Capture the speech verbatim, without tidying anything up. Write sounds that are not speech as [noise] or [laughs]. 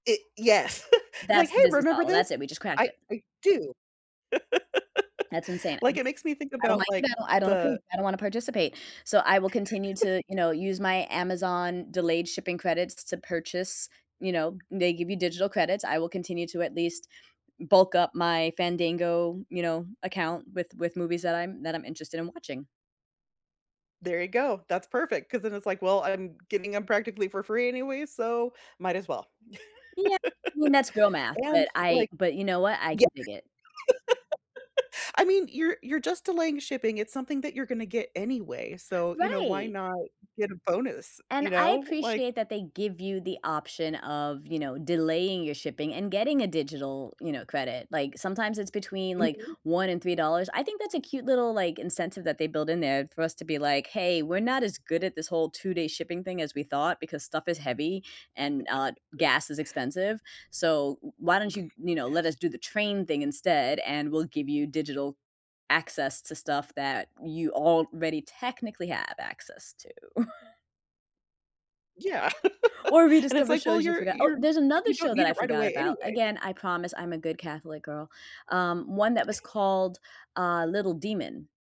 Y yes. [chuckles] It's, like, That's hey, the business remember model. this? That's it, we just cracked I it. I do. That's insane, [laughs] Like, it makes me think I don't about, like like, it, I don't approve, the I don't wanna participate. So, I will continue to, [chuckles] you know, use my Amazon delayed shipping credits to purchase, you know, they give you digital credits. I will continue to at least bulk up my Fandango, you know, account with with movies that I'm that I'm interested in watching. There you go, that's perfect, 'cause then it's, like, well, I'm getting them practically for free anyways, so might as well. Yeah I mean that's girl math, [chuckles] And, but I like but you know what, I yeah. can dig it. [chuckles] I mean, you're you're just delaying shipping, it's something that you're gonna get anyway, so, you know, why Right. not get a bonus, And you I know, like appreciate that they give you the option of, you know, delaying your shipping and getting a digital, you know, credit, like, sometimes it's between, like, Mhm. one and three dollars. I think that's a cute little, like, incentive that they build in there for us to be, like, hey, we're not as good at this whole two day shipping thing as we thought, because stuff is heavy and, uh, [chuckles] gas is expensive, so w why don't you, you know, let us Yes. do the train thing instead, and we'll give you digital access to stuff that you already technically have access to. [chuckles] Yeah, Or [chuckles] and it's, rediscover like, well, shows you you're forgot, oh, you're, there's if another you don't show that need I it right forgot away about, anyway. again, I promise I'm a good Catholic girl, um, one that was [chuckles] called, uh, Little Demon.